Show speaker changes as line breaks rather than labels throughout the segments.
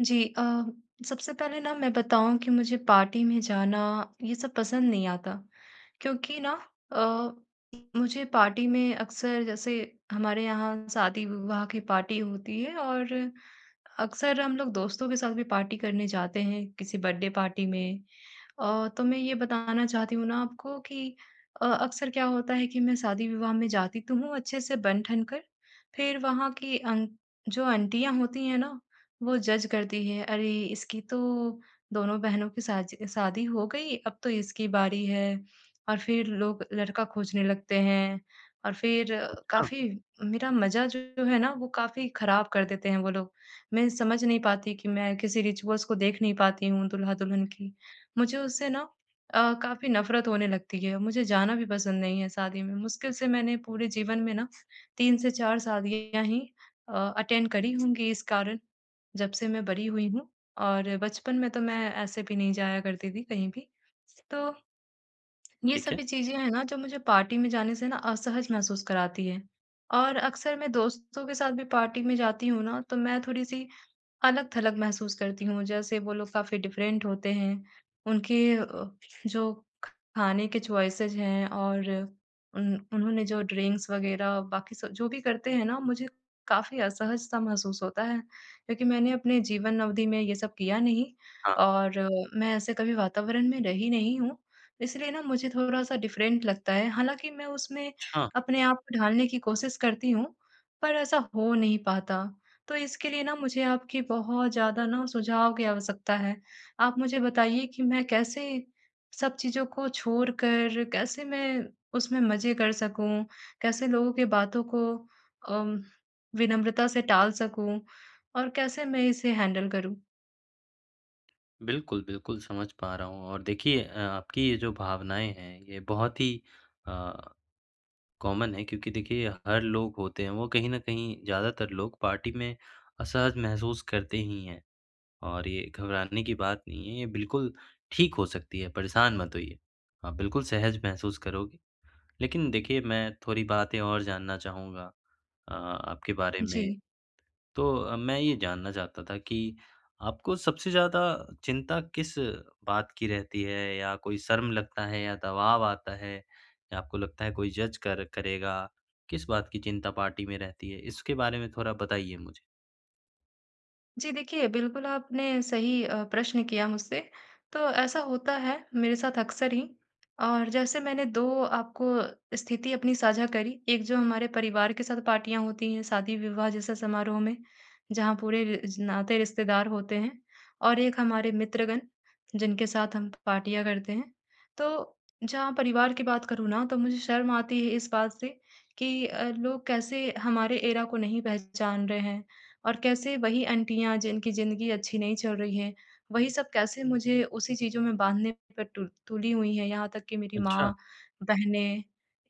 जी, अ, सबसे पहले ना मैं बताऊँ कि मुझे पार्टी में जाना ये सब पसंद नहीं आता। क्योंकि ना, अ, मुझे पार्टी में अक्सर जैसे हमारे यहाँ शादी-विवाह की पार्टी होती है और अक्सर हम लोग दोस्तों के साथ भी पार्टी करने जाते हैं किसी बर्थडे पार्टी में और तो मैं ये बताना चाहती हूँ ना आपको कि, अ, अक्सर क्या होता है कि मैं शादी-विवाह में जाती तो हूँ अच्छे से बन-ठन कर फ़िर वहाँ की आन जो आंटियाँ होती हैं ना, वो जज़ करती हैं अरे इसकी तो दोनों बहनों की शाजि शादी हो गई अब तो इसकी बारी है और फ़िर लोग लड़का खोजने लगते हैं। और फ़िर
अच्छा।
काफ़ी मेरा मज़ा जो है ना, वो काफ़ी ख़राब कर देते हैं वो लोग मैं समझ नहीं पाती कि मैं किसी रिचुअल्स को देख नहीं पाती हूँ दूल्हा-दुल्हन की मुझे उससे ना, अ, काफ़ी नफ़रत होने लगती है मुझे जाना भी पसंद नहीं है शादी में मुश्किल से मैंने पूरे जीवन में ना 3 से 4 शादियाँ ही अ, अटेंड करी होंगी इस कारण जब से मैं बड़ी हुई हूँ और बचपन में तो मैं ऐसे भी नहीं जाया करती थी कहीं भी। तो ये
ठीक है।
सभी चीज़ें हैं ना, जो मुझे पार्टी में जाने से ना असहज महसूस कराती हैं। और अक्सर मैं दोस्तों के साथ भी पार्टी में जाती हूँ ना? तो मैं थोड़ी-सी अलग-थलग महसूस करती हूँ जैसे वो लोग काफ़ी डिफ़रेंट होते हैं उनके अ, जो खाने के चॉइसेस हैं और उन उन्होंने जो ड्रिंक्स वग़ैरह बाकी सब जो भी करते हैं ना, मुझे काफ़ी असहज-सा महसूस होता है क्योंकि मैंने अपने जीवन अवधि में ये सब किया नहीं
हाँ।
और अ, मैं ऐसे कभी वातावरण में रही नहीं हूँ इसलिए ना, मुझे थोड़ा-सा डिफ़रेंट लगता है। हालाँकि मैं उसमें
छा
अपने आप को ढालने की कोशिश करती हूँ पर ऐसा हो नहीं पाता तो इसके लिए ना, मुझे आपकी बहुत ज़्यादा ना, सुझाव की आवश्यकता है। आप मुझे बताइए कि मैं कैसे सब चीज़ों को छोड़कर कैसे मैं उसमें मज़े कर सकूँ, कैसे लोगों की बातों को अम विनम्रता से टाल सकूँ? और कैसे मैं इसे हैंडल करूँ?
बिल्कुल, बिल्कुल समझ पा रहा हूँ और देखिए अ, आपकी ये जो भावनाएँ हैं ये बहुत ही अ, कॉमन है क्योंकि देखिए हर लोग होते हैं वो कहीं न कहीं ज़्यादातर लोग पार्टी में असहज महसूस करते ही हैं और ये घबराने की बात नहीं है ये बिल्कुल ठीक हो सकती है परेशान मत होइए। आप बिल्कुल सहज महसूस करोगे। लेकिन देखिए मैं थोड़ी बातें और जानना चाहूँगा अ, आपके बारे में।
जी।
तो मैं ये जानना चाहता था कि आपको सबसे ज़्यादा चिंता किस बात की रहती है या कोई शर्म लगता है या दबाव आता है या आपको लगता है कोई जज़ कर करेगा किस बात की चिंता पार्टी में रहती है? इसके बारे में थोड़ा बताइए मुझे।
जी, देखिए, बिल्कुल आपने सही अ, प्रश्न किया मुझसे तो ऐसा होता है मेरे साथ अक्सर ही। और जैसे मैंने 2 आपको स्थिति अपनी साझा करी एक जो हमारे परिवार के साथ पार्टियाँ होती हैं शादी-विवाह जैसा समारोह में जहाँ पूरे र नाते रिश्तेदार होते हैं और एक हमारे मित्रगण जिनके साथ हम पार्टियाँ करते हैं। तो जहाँ परिवार की बात करूँ ना तो मुझे शर्म आती है इस बात से कि अ, लोग कैसे हमारे एरा को नहीं पहचान रहे हैं और कैसे वही आंटियाँ जिनकी ज़िंदगी अच्छी नहीं चल रही है वही सब कैसे मुझे उसी चीज़ों में बाँधने पर टुल तुली हुई हैं यहाँ तक कि मेरी
अच्छा।
माँ, बहनें।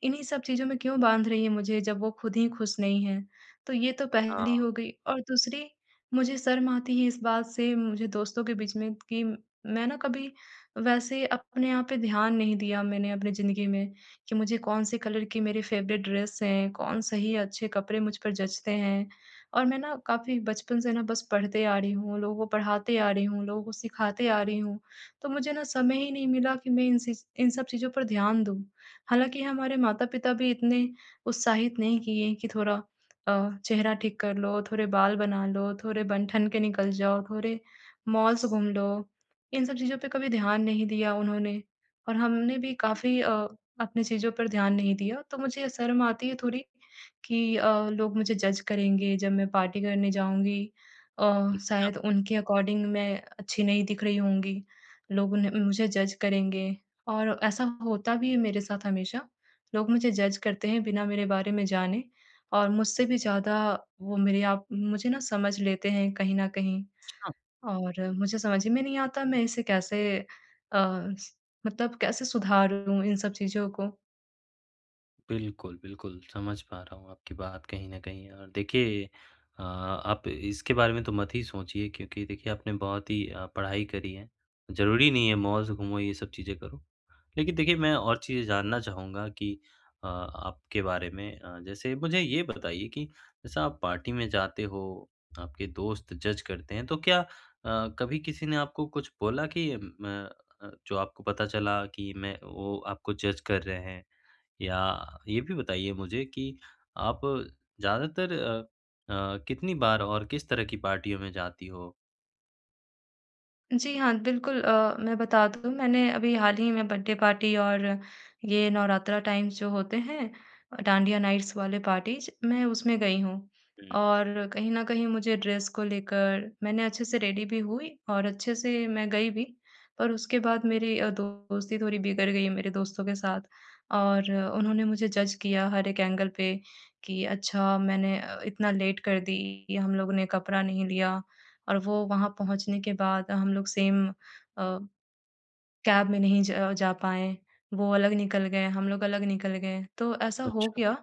इन्हीं सब चीज़ों में क्यों बाँध रही है मुझे जब वो ख़ुद ही ख़ुश नहीं हैं। तो ये तो पहली
हाँ।
हो गई। और दूसरी, मुझे शर्म आती है इस बात से मुझे दोस्तों के बीच में कि मैं ना कभी वैसे अपने आप पे ध्यान नहीं दिया मैंने अपनी ज़िंदगी में कि मुझे कौन-से कलर की मेरी फ़ेवरेट ड्रेस है कौन सही अच्छे कपड़े मुझ पर जचते हैं और मैं ना काफ़ी बचपन से ना बस पढ़ते आ रही हूँ लोगों को पढ़ाते आ रही हूँ लोगों को सिखाते आ रही हूँ तो मुझे ना समय ही नहीं मिला कि मैं इन सि इन सब चीज़ों पर ध्यान दूँ। हालाँकि हमारे माता-पिता भी इतने उत्साहित नहीं किए हैं कि थोड़ा अ, चेहरा ठीक कर लो, थोड़े बाल बना लो, थोड़े बन-ठन के निकल जाओ, थोड़े मॉल्स घूम लो। इन सब चीज़ों पर कभी ध्यान नहीं दिया उन्होंने और हमने भी
हुँ।
काफ़ी अ, अपनी चीज़ों पर ध्यान नहीं दिया तो मुझे शर्म आती है थोड़ी कि अ, लोग मुझे जज़ करेंगे जब मैं पार्टी करने जाऊँगी अ,
[unintelligible]
शायद उनके अकॉर्डिंग मैं अच्छी नहीं दिख रही होंगी लोग उन्हें मुझे जज करेंगे और ऐसा होता भी है मेरे साथ हमेशा लोग मुझे जज़ करते हैं बिना मेरे बारे में जाने और मुझसे भी ज़्यादा वो मेरे आप मुझे ना समझ लेते हैं कहीं न कहीं
अच्छा।
और मुझे समझ में नहीं आता मैं इसे कैसे स अ, मतलब कैसे सुधारूँ इन सब चीज़ों को?
बिल्कुल, बिल्कुल। समझ पा रहा हूँ आपकी बात कहीं न कहीं। और देखिए अ, आप इसके बारे में तो मत ही सोचिए क्योंकि देखिए, आपने बहुत ही अ, पढ़ाई करी है, ज़रूरी नहीं है मॉल्स घूमो, ये सब चीज़ें करो। लेकिन देखिए, मैं और चीज़ें जानना चाहूँगा कि अ, आपके बारे में अ, जैसे मुझे ये बताइए कि जैसा आप पार्टी में जाते हो, आपके दोस्त जज करते हैं, तो क्या अ, कभी किसी ने आपको कुछ बोला कि म अ, जो आपको पता चला कि मैं वो आपको जज कर रहे हैं? या ये भी बताइए मुझे कि आप ज़्यादातर अ अ, कितनी बार और किस तरह की पार्टियों में जाती हो?
जी हाँ। बिल्कुल अ, मैं बता दूँ मैंने अभी हाल ही में बर्थडे पार्टी और ये नवरात्रा टाइम्स जो होते हैं अ, डांडिया नाइट्स वाले पार्टीज़, मैं उसमें गई हूँ।
हुँ।
और कहीं न कहीं मुझे ड्रेस को लेकर मैंने अच्छे से रेडी भी हुई और अच्छे से मैं गई भी, पर उसके बाद मेरी अ, दोस्ती थोड़ी बिगड़ गई है मेरे दोस्तों के साथ। और उन्होंने मुझे जज किया हर एक एंगल पे कि अच्छा, मैंने अ, इतना लेट कर दी कि हम लोगों ने कपड़ा नहीं लिया ,और वो वहाँ पहुँचने के बाद हम लोग सेम अ, कैब में नहीं ज जा पाए, वो अलग निकल गए, हम लोग अलग निकल गए। तो ऐसा हो
अच्छा।
गया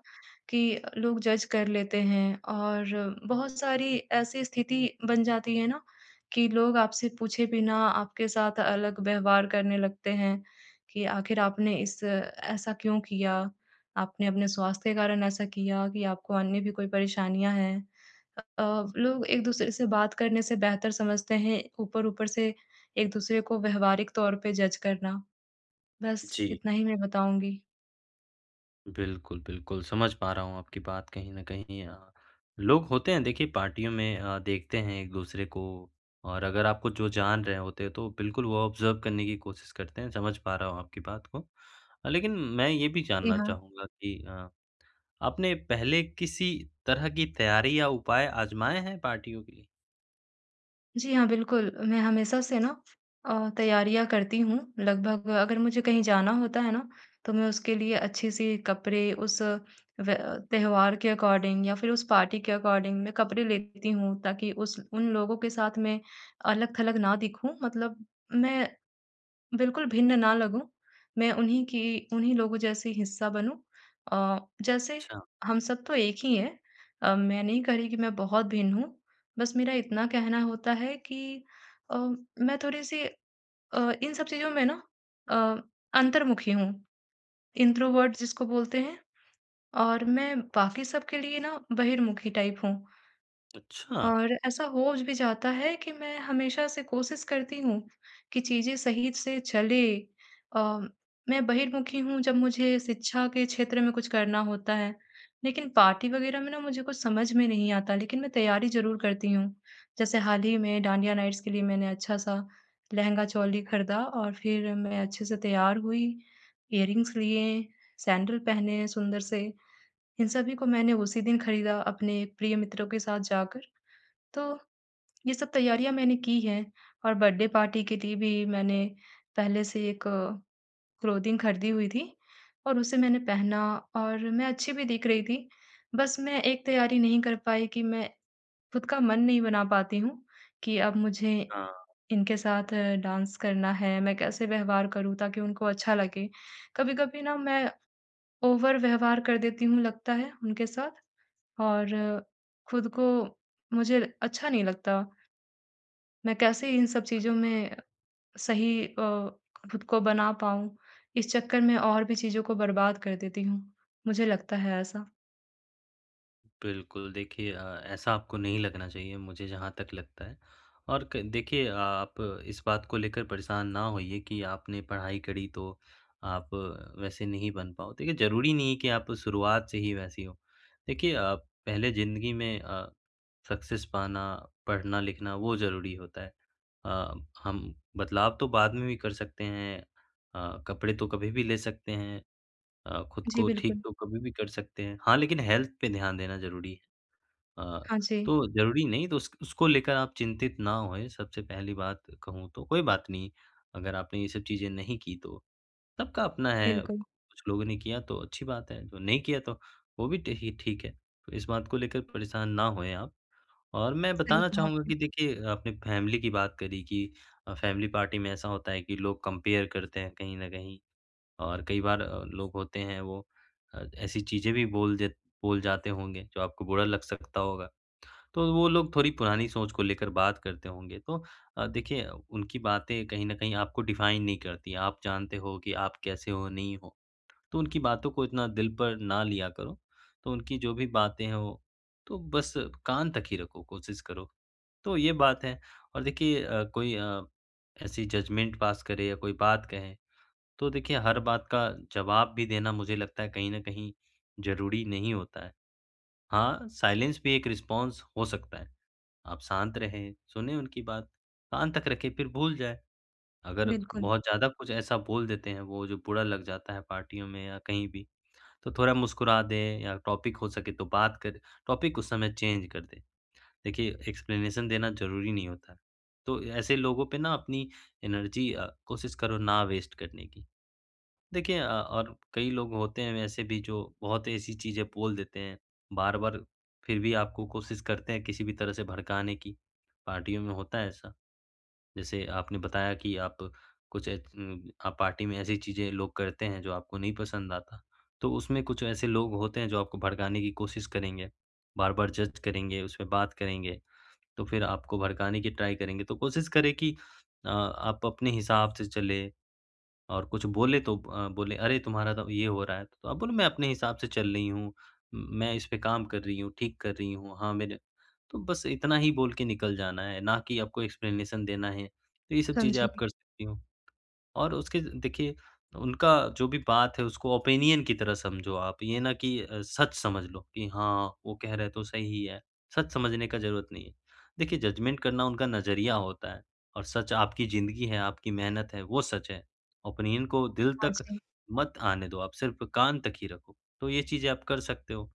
कि अ, लोग जज कर लेते हैं, और बहुत सारी ऐसी स्थिति बन जाती है ना कि लोग आपसे पूछे बिना आपके साथ अलग व्यवहार करने लगते हैं कि आखिर आपने इस ऐसा क्यों किया, आपने अपने स्वास्थ्य के कारण ऐसा किया कि आपको अन्य भी कोई परेशानियाँ हैं। अ अ, लोग एक-दूसरे से बात करने से बेहतर समझते हैं ऊपर-ऊपर से एक-दूसरे को व्यावहारिक तौर पे जज करना। बस
जी।
इतना ही मैं बताऊँगी।
बिल्कुल, बिल्कुल समझ पा रहा हूँ आपकी बात कहीं न कहीं अ, लोग होते हैं देखिए पार्टियों में अ, देखते हैं एक-दूसरे को और अगर आपको जो जान रहे होते तो बिल्कुल वो ऑब्जर्व करने की कोशिश करते हैं, समझ पा रहा हूँ आपकी बात को। लेकिन मैं ये भी
जी
जानना
हाँ।
चाहूँगा कि अ, आपने पहले किसी तरह की तैयारी या उपाय आज़माए हैं पार्टियों के लिए?
जी हाँ। बिल्कुल, मैं हमेशा से ना अ, तैयारियाँ करती हूँ लगभग अगर मुझे कहीं जाना होता है ना, तो मैं उसके लिए अच्छे से कपड़े उस व त्योहार के अकॉर्डिंग या फिर उस पार्टी के अकॉर्डिंग मैं कपड़े लेती हूँ ताकि उस उन लोगों के साथ में अलग-थलग ना दिखूँ। मतलब मैं बिल्कुल भिन्न ना लगूँ मैं उन्हीं की उन्हीं लोगों जैसी हिस्सा बनूँ औ जैसे
छा
हम सब तो एक ही है। अ, मैं नहीं कह रही कि मैं बहुत भिन्न हूँ, बस मेरा इतना कहना होता है कि अ, मैं थोड़ी-सी अ, इन सब चीज़ों में ना अ, अंतर्मुखी हूँ, इंट्रोवर्ट जिसको बोलते हैं और मैं बाकी सबके लिए ना बहिर्मुखी टाइप हूँ।
अच्छा।
और ऐसा हो भी जाता है कि मैं हमेशा से कोशिश करती हूँ कि चीज़ें सही से चले अम मैं बहिर्मुखी हूँ जब मुझे शिक्षा के क्षेत्र में कुछ करना होता है, लेकिन पार्टी वग़ैरह में ना मुझे कुछ समझ में नहीं आता लेकिन मैं तैयारी ज़रूर करती हूँ। जैसे हाल ही में डांडिया नाइट्स के लिए मैंने अच्छा-सा लहँगा-चोली खरीदा और फिर मैं अच्छे से तैयार हुई इयररिंग्स लिए, सैंडल पहने सुंदर से इन सभी को मैंने उसी दिन खरीदा अपने प्रिय मित्रों के साथ जाकर, तो ये सब तैयारियाँ मैंने की हैं। और बर्थडे पार्टी के लिए भी मैंने पहले से एक क्लोथिंग खरीदी हुई थी और उसे मैंने पहना और मैं अच्छी भी दिख रही थी, बस मैं एक तैयारी नहीं कर पाई कि मैं खुद का मन नहीं बना पाती हूँ कि अब मुझे
हाँ।
इनके साथ डांस करना है। मैं कैसे व्यवहार करूँ ताकि उनको अच्छा लगे, कभी-कभी ना मैं ओवर व्यवहार कर देती हूँ लगता है उनके साथ और खुद को मुझे अच्छा नहीं लगता। मैं कैसे इन सब चीज़ों
[unintelligible]
में सही अ, खुद को बना पाऊँ इस चक्कर में और भी चीज़ों को बर्बाद कर देती हूँ, मुझे लगता है ऐसा।
बिल्कुल, देखिए अ, ऐसा आपको नहीं लगना चाहिए मुझे जहाँ तक लगता है और क देखिए आप इस बात को लेकर परेशान ना होइए कि आपने पढ़ाई करी तो आप वैसे नहीं बन पाओ, तो ये ज़रूरी नहीं है कि आप शुरुआत से ही वैसी हो। देखिए आप पहले ज़िंदगी में अ, सक्सेस पाना, पढ़ना-लिखना वो ज़रूरी होता है। अ, हम बदलाव तो बाद में भी कर सकते हैं अ, कपड़े तो कभी भी ले सकते हैं अ, खुद
जी,
को ठीक
बिल्कुल।
तो कभी भी कर सकते हैं, हाँ लेकिन हेल्थ पे ध्यान देना ज़रूरी है। अ,
हाँ जी।
तो ज़रूरी नहीं तो उस उसको लेकर आप चिंतित ना होए। सबसे पहली बात कहूँ तो कोई बात नहीं अगर आपने ये सब चीज़ें नहीं की तो सबका अपना है, कु
बिल्कुल।
कुछ लोगों ने किया तो अच्छी बात है, जो नहीं किया तो वो भी देखिए ठीक है तो इस बात को लेकर परेशान ना होए आप। और मैं
सही
बताना
कहा
चाहूँगा
आपने।
कि देखिए आपने फैमिली की बात करी कि अ, फैमिली पार्टी में ऐसा होता है कि लोग कंपेयर करते हैं कहीं न कहीं और कई बार अ, लोग होते हैं वो अ, ऐसी चीज़ें भी बोल देत बोल जाते होंगे जो आपको बुरा लग सकता होगा। तो वो लोग थोड़ी पुरानी सोच को लेकर बात करते होंगे। तो अ, देखिए उनकी बातें कहीं न कहीं आपको डिफाइन नहीं करती। आप जानते हो कि आप कैसे हो नहीं हो। तो उनकी बातों को इतना दिल पर ना लिया करो, तो उनकी जो भी बातें हैं वो तो बस कान तक ही रखो, कोशिश करो। तो ये बात है और देखिए अ, कोई अ, ऐसी जजमेंट पास करे या कोई बात कहे तो देखिए हर बात का जवाब भी देना मुझे लगता है कहीं न कहीं ज़रूरी नहीं होता है। हाँ, साइलेंस भी एक रिस्पॉन्स हो सकता है, आप शांत रहें, सुनें उनकी बात, कान तक रखें फिर भूल जाएँ, अगर
बिल्कुल।
बहुत ज़्यादा कुछ ऐसा बोल देते हैं वो जो बुरा लग जाता है पार्टियों में या कहीं भी तो थोड़ा मुस्कुरा दें या टॉपिक हो सके तो बात कर टॉपिक उस समय चेंज कर दें। देखिए एक्सप्लेनेशन देना ज़रूरी नहीं होता है, तो अ, ऐसे लोगों पे ना अपनी एनर्जी अ, कोशिश करो ना वेस्ट करने की। देखिए अ, और कई लोग होते हैं वैसे भी जो बहुत ऐसी चीज़ें बोल देते हैं, बार-बार फिर भी आपको कोशिश करते हैं किसी भी तरह से भड़काने की, पार्टियों में होता है ऐसा, जैसे आपने बताया कि आप कुछ इतन आप पार्टी में ऐसी चीज़ें लोग करते हैं जो आपको नहीं पसंद आता तो उसमें कुछ ऐसे लोग होते हैं जो आपको भड़काने की कोशिश करेंगे बार-बार जज करेंगे, उसमें बात करेंगे तो फिर आपको भड़काने की ट्राई करेंगे तो कोशिश करें कि अ, आप अपने हिसाब से चलें और कुछ बोलें तो अ, बोलें अरे तुम्हारा तो ये हो रहा है, तो आप बोलो मैं अपने हिसाब से चल रही हूँ, मैं इसपे काम कर रही हूँ, ठीक कर रही हूँ। हाँ, मेरे तो बस इतना ही बोल के निकल जाना है ना कि आपको एक्सप्लेनेशन देना है। तो ये सब चीज़ें आप
समझी।
कर सकती हो। और उसके देखिए उनका जो भी बात है उसको ओपिनियन की तरह समझो आप ये ना कि अ, सच समझ लो कि हाँ, वो कह रहे हैं तो सही ही है। सच समझने का ज़रूरत नहीं है, देखिए जजमेंट करना उनका नज़रिया होता है और सच आपकी जिंदगी है, आपकी मेहनत है वो सच है। ओपिनियन को दिल
हाँ
तक
जी।
मत आने दो आप सिर्फ कान तक ही रखो। तो ये चीज़ें आप कर सकते हो।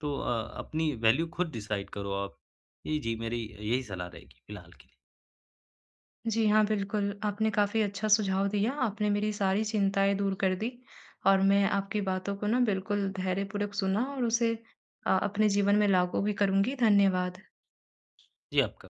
तो अ, अपनी वैल्यू खुद डिसाइड करो आप। ये जी मेरी यही सलाह रहेगी फिलहाल के लिए।
जी, हाँ बिल्कुल, आपने काफ़ी अच्छा सुझाव दिया आपने मेरी सारी चिंताएँ दूर कर दी और मैं आपकी बातों को ना बिल्कुल धैर्यपूर्वक सुना और उसे अ, अपने जीवन में लागू भी करूँगी, धन्यवाद।
जी, आपका